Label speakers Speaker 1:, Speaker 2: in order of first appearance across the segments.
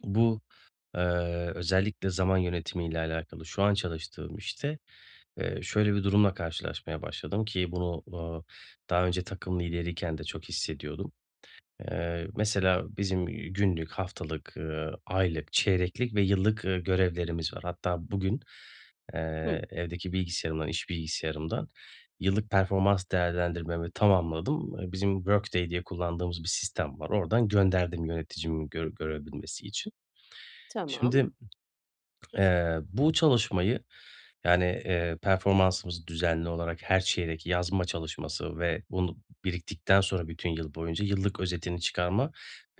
Speaker 1: Bu, eee, özellikle zaman yönetimiyle alakalı şu an çalıştığım işte, eee, şöyle bir durumla karşılaşmaya başladım, ki bunu, uuu, daha önce takım lideriyken de çok hissediyordum. Eee, mesela, bizim, iii, günlük, haftalık, ııı, aylık, çeyreklik ve yıllık, ııı, görevlerimiz var. Hatta bugün, eee,
Speaker 2: Hı.
Speaker 1: evdeki bilgisayarımdan, iş bilgisayarımdan yıllık performans değerlendirmemi tamamladım. Eee, bizim Workday diye kullandığımız bir sistem var. Oradan gönderdim yöneticimin gör görebilmesi için.
Speaker 2: Tamam.
Speaker 1: Şimdi, eee, bu çalışmayı, yani, eee, performansımızı düzenli olarak her çeyrek yazma çalışması ve bunu biriktikten sonra bütün yıl boyunca yıllık özetini çıkarma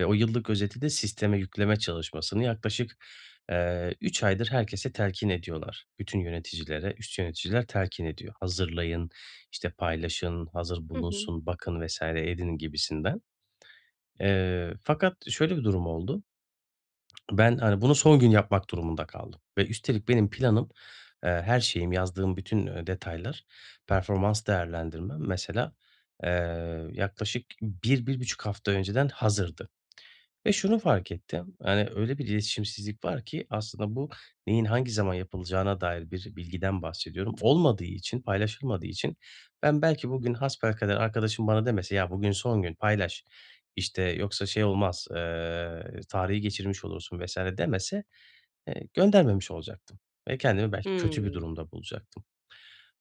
Speaker 1: ve o yıllık özeti de sisteme yükleme çalışmasını yaklaşık, eee, 3 aydır herkese telkin ediyorlar. Bütün yöneticilere üst yöneticiler telkin ediyor. "Hazırlayın, işte, paylaşın, hazır
Speaker 2: Hı hı.
Speaker 1: bulunsun, bakın vs. edin" gibisinden. Eee, fakat şöyle bir durum oldu. Ben, hani, bunu son gün yapmak durumunda kaldım ve üstelik benim planım, eee, her şeyim, yazdığım bütün, eee, detaylar, performans değerlendirmem, mesela, eee, yaklaşık 1-1.5 hafta önceden hazırdı ve şunu fark ettim; hani, öyle bir iletişimsizlik var ki, aslında, bu neyin hangi zaman yapılacağına dair bir bilgiden bahsediyorum. Olmadığı için, paylaşılmadığı için ben, belki bugün hasbelkader arkadaşım bana demese, "Ya, bugün son gün paylaş, işte, yoksa şey olmaz, eee, tarihi geçirmiş olursun vs." demese, eee, göndermemiş olacaktım ve kendimi belki kötü bir
Speaker 2: Hıı.
Speaker 1: durumda bulacaktım.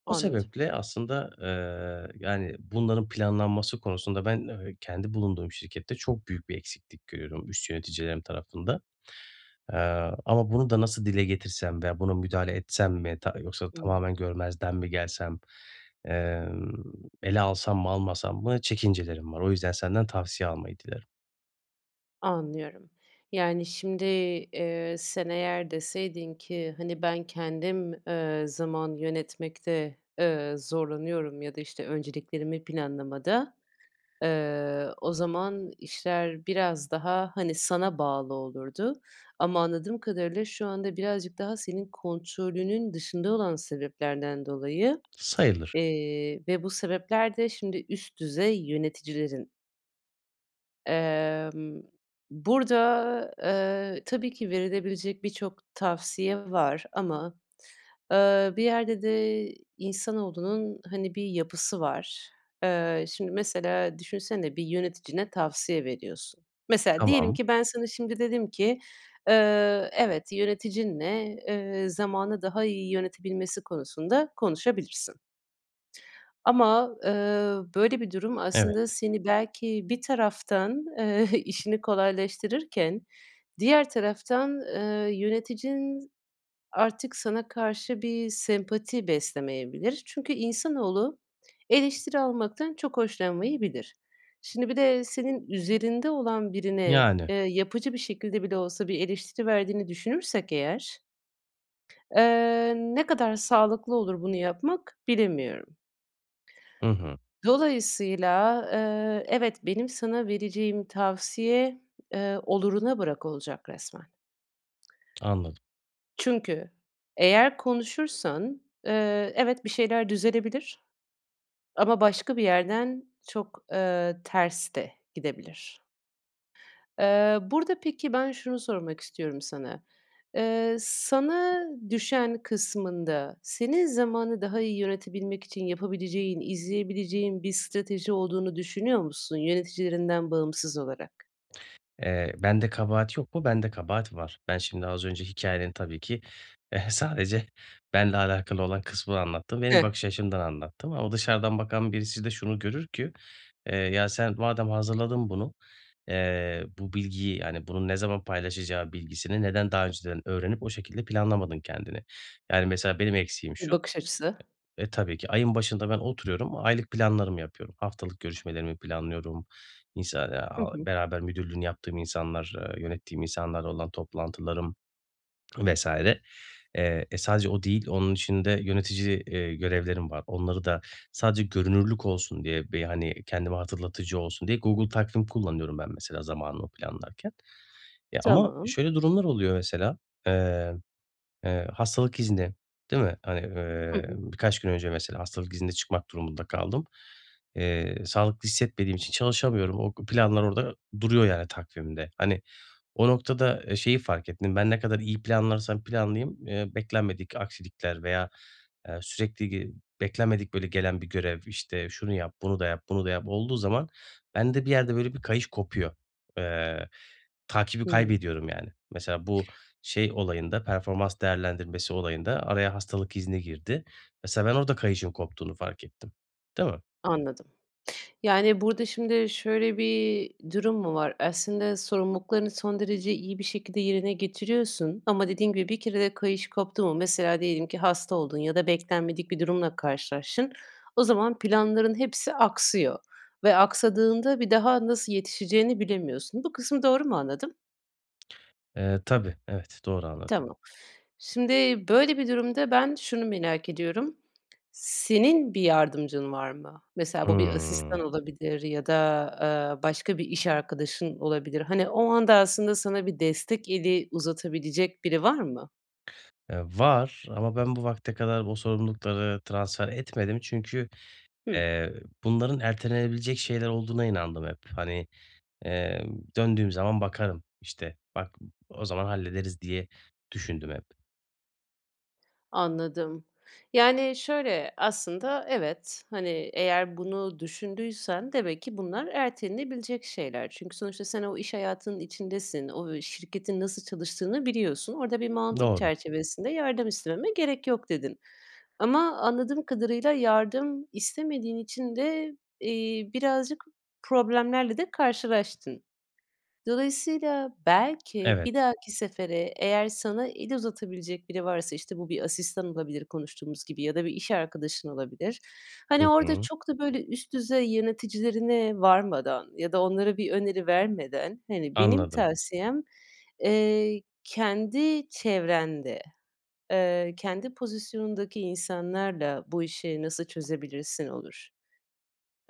Speaker 1: O
Speaker 2: Anladım.
Speaker 1: sebeple, aslında, eee, yani, bunların planlanması konusunda ben, eee, kendi bulunduğum şirkette çok büyük bir eksiklik görüyorum üst yöneticilerim tarafında. Eee, ama bunu da nasıl dile getirsem veya buna müdahale etsem mi ta yoksa
Speaker 2: Hıı.
Speaker 1: tamamen görmezden mi gelsem, emm, ele alsam mı, almasam mı çekincelerim var. O yüzden senden tavsiye almayı dilerim.
Speaker 2: Anlıyorum. Yani, şimdi, eee, sen, eğer deseydin ki, hani, ben, kendim, eee, zaman yönetmekte, eee, zorlanıyorum ya da, işte, önceliklerimi planlamada, eee, o zaman işler biraz daha, hani, sana bağlı olurdu ama anladığım kadarıyla şu anda birazcık daha senin kontrolünün dışında olan sebeplerden dolayı,
Speaker 1: Sayılır.
Speaker 2: eee, ve bu sebepler de şimdi üst düzey yöneticilerin. Emm, burada, eee, tabii ki verilebilecek birçok tavsiye var ama, eee, bir yerde de insanoğlunun, hani, bir yapısı var. Eee, şimdi mesela düşünsene bir yöneticine tavsiye veriyorsun. Mesela diyelim
Speaker 1: Tamam.
Speaker 2: ki ben, sana şimdi dedim ki, "Eee, evet. Yöneticinle, eee, zamanı daha iyi yönetebilmesi konusunda konuşabilirsin." Ama, eee, böyle bir durum aslında
Speaker 1: Evet.
Speaker 2: seni belki bir taraftan, eee, işini kolaylaştırırken diğer taraftan, eee, yöneticin artık sana karşı bir sempati beslemeyebilir. Çünkü insanoğlu, eleştiri almaktan çok hoşlanmayabilir. Şimdi bir de senin üzerinde olan birine,
Speaker 1: Yani.
Speaker 2: eee, yapıcı bir şekilde bile olsa bir eleştiri verdiğini düşünürsek eğer eee, ne kadar sağlıklı olur bunu yapmak, bilemiyorum.
Speaker 1: Hı hı.
Speaker 2: Dolayısıyla, eee, evet, benim sana vereceğim tavsiye, eee, oluruna bırak olacak resmen.
Speaker 1: Anladım.
Speaker 2: Çünkü eğer konuşursan, eee, evet, bir şeyler düzelebilir ama başka bir yerden çok, eee, ters de gidebilir. Iıı, burada peki, ben, şunu sormak istiyorum sana; eee, sana düşen kısmında senin zamanı daha iyi yönetebilmek için yapabileceğin, izleyebileceğin bir strateji olduğunu düşünüyor musun yöneticilerinden bağımsız olarak?
Speaker 1: Eee, bende kabahat yok mu? Bende kabahat var. Ben, şimdi az önce hikâyenin tabii ki sadece benle alakalı olan kısmını anlattım, benim
Speaker 2: Hıı.
Speaker 1: bakış açımdan anlattım ama dışarıdan bakan birisi de şunu görür ki, "Eee, ya sen, madem hazırladın bunu, eee, bu bilgiyi, yani, bunun ne zaman paylaşacağı bilgisini neden daha önceden öğrenip o şekilde planlamadın kendini?" Yani, mesela benim eksiğim şu;
Speaker 2: Bakış açısı.
Speaker 1: e, tabii ki ayın başında ben oturuyorum, o aylık planlarımı yapıyorum. Haftalık görüşmelerimi planlıyorum, insa
Speaker 2: Hı
Speaker 1: aaa,
Speaker 2: hı.
Speaker 1: beraber müdürlüğünü yaptığım insanlar, eee, yönettiğim insanlarla olan toplantılarım vs. Eee, e, sadece o değil, onun içinde yönetici, eee, görevlerim var. Onları da sadece görünürlük olsun diye bir, hani, kendime hatırlatıcı olsun diye Google Takvim kullanıyorum ben mesela zamanımı planlarken. Ya ama
Speaker 2: Tamam.
Speaker 1: şöyle durumlar oluyor mesela, eee, eee, hastalık izni, değil mi? Hani,
Speaker 2: Hı
Speaker 1: eee,
Speaker 2: hı.
Speaker 1: birkaç gün önce mesela hastalık iznine çıkmak durumunda kaldım. Eee, sağlıklı hissetmediğim için çalışamıyorum. O planlar orada duruyor, yani, takvimde. Hani, o noktada, eee, şeyi fark ettim, ben, ne kadar iyi planlarsam planlayayım, eee, beklenmedik aksilikler veya, eee, sürekli ge beklenmedik böyle gelen bir görev, işte, şunu yap, bunu da yap, bunu da yap olduğu zaman bende bir yerde böyle bir kayış kopuyor. Eee, takibi
Speaker 2: Hıı.
Speaker 1: kaybediyorum yani. Mesela bu şey olayında, performans değerlendirmesi olayında araya hastalık izni girdi. Mesela ben, orada kayışın koptuğunu fark ettim. Değil mi?
Speaker 2: Anladım. Yani, burada şimdi şöyle bir durum mu var? Aslında sorumluluklarını son derece iyi bir şekilde yerine getiriyorsun ama dediğin gibi bir kere de kayış koptu mu mesela diyelim ki hasta oldun ya da beklenmedik bir durumla karşılaştın. O zaman planların hepsi aksıyor ve aksadığında bir daha nasıl yetişeceğini bilemiyorsun. Bu kısmı doğru mu anladım?
Speaker 1: Eee, tabii, evet doğru anladın.
Speaker 2: Tamam. Şimdi, böyle, bir durumda ben şunu merak ediyorum. Senin bir yardımcın var mı? Mesela, bu bir
Speaker 1: Hıı.
Speaker 2: asistan olabilir ya da, ııı, başka bir iş arkadaşın olabilir. Hani, o anda, aslında, sana bir destek eli uzatabilecek biri var mı?
Speaker 1: Eee, var ama ben bu vakte kadar o sorumlulukları transfer etmedim çünkü,
Speaker 2: Hıı.
Speaker 1: eee, bunların ertelenebilecek şeyler olduğuna inandım hep. Hani, eee, döndüğüm zaman bakarım, işte, bak m o zaman hallederiz diye düşündüm hep.
Speaker 2: Anladım. Yani, şöyle, aslında, evet, hani, eğer bunu düşündüysen demek ki bunlar ertelenebilecek şeyler. Çünkü sonuçta sen o iş hayatının içindesin, o, ı şirketin nasıl çalıştığını biliyorsun, orada bir mantık
Speaker 1: Doğru.
Speaker 2: çerçevesinde yardım istememe gerek yok, dedin. Ama anladığım kadarıyla yardım istemediğin için de, iii, birazcık problemlerle de karşılaştın. Dolayısıyla, belki,
Speaker 1: Evet.
Speaker 2: bir dahaki sefere eğer sana el uzatabilecek biri varsa, işte, bu bir asistan olabilir konuştuğumuz gibi ya da bir iş arkadaşın olabilir,
Speaker 1: Hı
Speaker 2: hani, orada
Speaker 1: hı.
Speaker 2: çok da, böyle, üst düzey yöneticilerine varmadan ya da onlara bir öneri vermeden, hani, benim
Speaker 1: Anladım.
Speaker 2: tavsiyem, eee, kendi çevrende, ııı, kendi pozisyonundaki insanlarla bu işi nasıl çözebilirsin olur.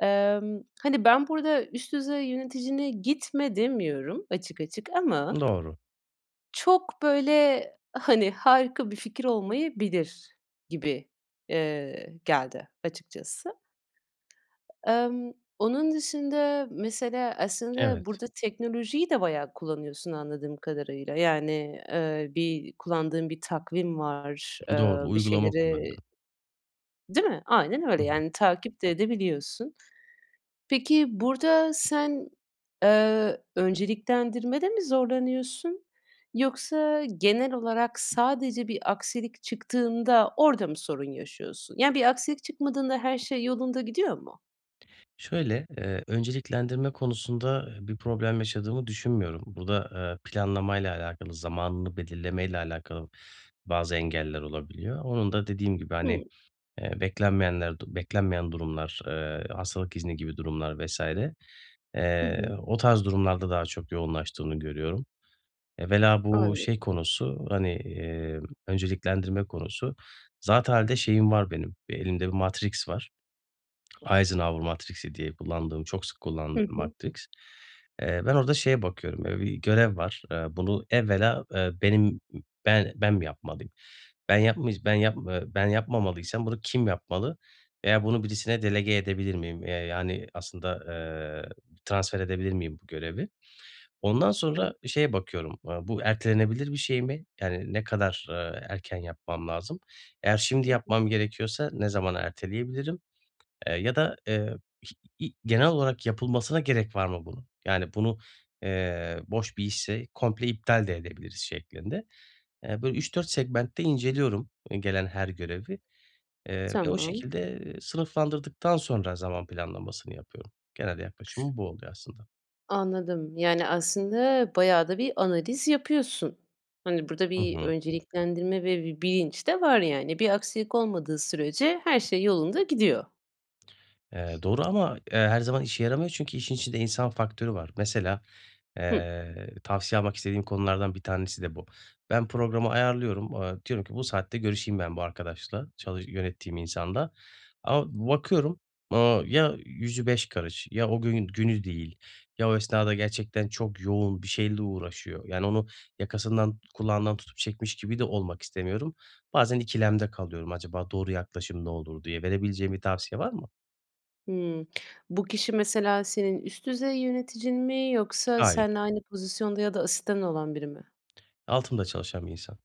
Speaker 2: Emm, hani, ben burada üst düzey yöneticine gitme demiyorum açık açık ama
Speaker 1: Doğru.
Speaker 2: çok, böyle, hani, harika bir fikir olmayabilir gibi, eee, geldi açıkçası. Emm, onun dışında, mesela, aslında,
Speaker 1: Evet.
Speaker 2: burada teknolojiyi de bayağı kullanıyorsun anladığım kadarıyla. Yani, eee, bir kullandığın bir takvim var, eee,
Speaker 1: Doğru.
Speaker 2: bir
Speaker 1: Uygulama
Speaker 2: şeyleri
Speaker 1: kullanıyorum.
Speaker 2: i değil mi? Aynen
Speaker 1: Hı
Speaker 2: öyle,
Speaker 1: hı.
Speaker 2: yani, takip de edebiliyorsun. Peki, burada sen, eee, önceliklendirmede mi zorlanıyorsun? Yoksa genel olarak sadece bir aksilik çıktığında orada mı sorun yaşıyorsun? Ya, bir aksilik çıkmadığında her şey yolunda gidiyor mu?
Speaker 1: Şöyle, eee, önceliklendirme konusunda i bir problem yaşadığımı düşünmüyorum. Bu da, ııı, planlamayla alakalı, zamanını belirlemeyle alakalı bazı engeller olabiliyor. Onun da dediğim gibi, hani,
Speaker 2: Hımm.
Speaker 1: eee, beklenmeyenler, du beklenmeyen durumlar, eee, hastalık izni gibi durumlar, vs.
Speaker 2: Hı
Speaker 1: eee,
Speaker 2: hı.
Speaker 1: o tarz durumlarda daha çok yoğunlaştığını görüyorum. Evvela bu şey
Speaker 2: Anladım.
Speaker 1: konusu, hani, emm, önceliklendirme konusu. Zatıalde şeyim var benim, elimde bir Matrix var. Eisenhower Matrix'i diye kullandığım, çok sık
Speaker 2: Hı
Speaker 1: kullandığım
Speaker 2: hı.
Speaker 1: Matrix. Eee, ben orada şeye bakıyorum, ııı, bir görev var. Eee, bunu evvela, eee, benim, be ben mi yapmalıyım? Ben yapmıyc ben yap eee, ben yapmamalıysam bunu kim yapmalı veya bunu birisine delege edebilir miyim, eee, yani, aslında, eee, transfer edebilir miyim bu görevi? Ondan
Speaker 2: [unintelligible]
Speaker 1: sonra şeye bakıyorum, aaa, bu ertelenebilir bir şey mi? Yani, ne kadar, ııı, erken yapmam lazım? Eğer şimdi
Speaker 2: Hı hı.
Speaker 1: yapmam gerekiyorsa ne zamana erteleyebilirim, eee, ya da, eee, iş, i i genel olarak yapılmasına gerek var mı bunun? Yani bunu, eee, boş bir işse komple iptal de edebiliriz, şeklinde. Eee, bu 3-4 segmentte inceliyorum, i gelen her görevi, eee, ve o
Speaker 2: Tamam.
Speaker 1: şekilde, eee, sınıflandırdıktan sonra zaman planlamasını yapıyorum. Genel yaklaşımım bu oluyor, aslında.
Speaker 2: Anladım. Yani, aslında, bayağı da bir analiz yapıyorsun. Hani, burada
Speaker 1: Hı
Speaker 2: bir
Speaker 1: hı.
Speaker 2: önceliklendirme ve bir bilinç de var, yani. Bir aksilik olmadığı sürece her şey yolunda gidiyor.
Speaker 1: Eee, doğru ama, eee, her zaman işe yaramıyor çünkü işin içinde insan faktörü var. Mesela,
Speaker 2: Hımm.
Speaker 1: eee, tavsiye almak istediğim konulardan 1 tanesi de bu. Ben programı ayarlıyorum, aaa, diyorum ki bu saatte görüşeyim ben bu arkadaşla, çalış yönettiğim insanla. Ama bakıyorum, ııı, ya yüzü beş karış ya o gün günü değil ya o esnada gerçekten çok yoğun bir şeyle uğraşıyor; yani, onu yakasından, kulağından tutup çekmiş gibi de olmak istemiyorum. Bazen ikilemde kalıyorum, acaba doğru yaklaşım ne olur diye. Verebileceğin bir tavsiye var mı?
Speaker 2: Hımm. Bu kişi, mesela, senin üst düzey yöneticin mi yoksa
Speaker 1: Hayır.
Speaker 2: senle aynı pozisyonda ya da asistanın olan biri mi?
Speaker 1: Altımda çalışan bir insan.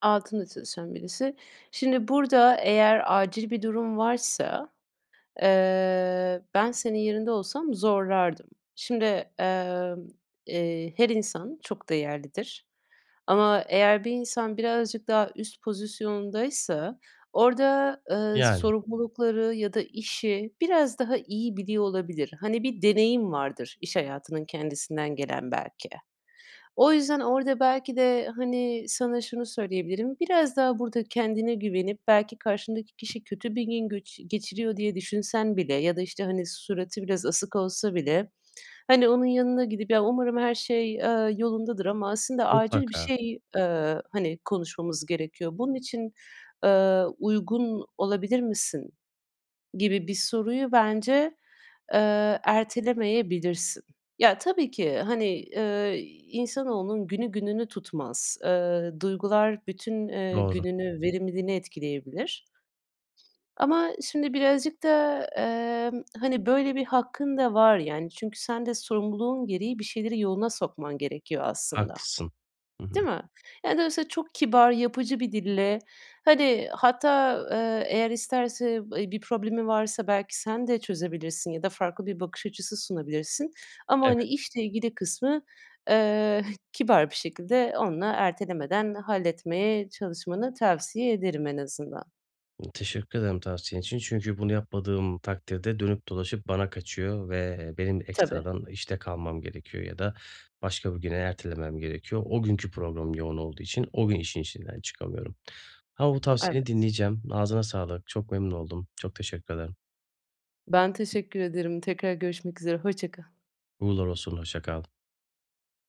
Speaker 2: Altında çalışan birisi. Şimdi, burada eğer acil bir durum varsa, eee, ben senin yerinde olsam zorlardım. Şimdi, emm, eee, her insan çok değerlidir. Ama, eğer bir insan birazcık daha üst pozisyondaysa orada, ııı,
Speaker 1: Yani.
Speaker 2: sorumlulukları ya da işi biraz daha iyi biliyor olabilir. Hani, bir deneyim vardır iş hayatının kendisinden gelen, belki. O yüzden orada, belki de, hani, sana şunu söyleyebilirim. Biraz daha burada kendine güvenip, belki, karşındaki kişi kötü bir gün göçü geçiriyor diye düşünsen bile ya da, işte, hani, suratı biraz asık olsa bile, hani, onun yanına gidip, ya, umarım her şey, ııı, yolundadır ama, aslında, acil bir
Speaker 1: Mutlaka.
Speaker 2: şey, ııı, hani, konuşmamız gerekiyor. Bunun için, ııı, uygun olabilir misin gibi bir soruyu bence, eee, ertelemeyebilirsin. Ya, tabii ki, hani, ııı, insanoğlunun günü gününü tutmaz. Iıı, duygular bütün, eee,
Speaker 1: Doğru.
Speaker 2: gününü, verimliliğini etkileyebilir. Ama, şimdi birazcık da, emm, hani, böyle bir hakkın da var, yani, çünkü sen de sorumluluğun gereği bir şeyleri yoluna sokman gerekiyor, aslında.
Speaker 1: Haklısın. Hı hı.
Speaker 2: Değil mi? Yani, dolayısıyla çok kibar, yapıcı bir dille, hani, hatta, ııı, eğer isterse, ı bir problemi varsa, belki, sen de çözebilirsin ya da farklı bir bakış açısı sunabilirsin. Ama, hani,
Speaker 1: Evet.
Speaker 2: işle ilgili kısmı, eee, h kibar bir şekilde onunla ertelemeden halletmeye çalışmanı tavsiye ederim, en azından.
Speaker 1: M teşekkür ederim tavsiyen için çünkü bunu yapmadığım takdirde dönüp dolaşıp bana kaçıyor ve, eee, benim
Speaker 2: Tabii.
Speaker 1: ekstradan işte kalmam gerekiyor ya da başka bir güne ertelemem gerekiyor. O günkü program yoğun olduğu için o gün işin içinden çıkamıyorum. Ama bu tavsiyeni
Speaker 2: Evet.
Speaker 1: dinleyeceğim. Ağzına sağlık, çok memnun oldum. Çok teşekkür ederim.
Speaker 2: Ben teşekkür ederim. Tekrar görüşmek üzere. Hoşça kal.
Speaker 1: Uğurlar olsun, hoşça kal.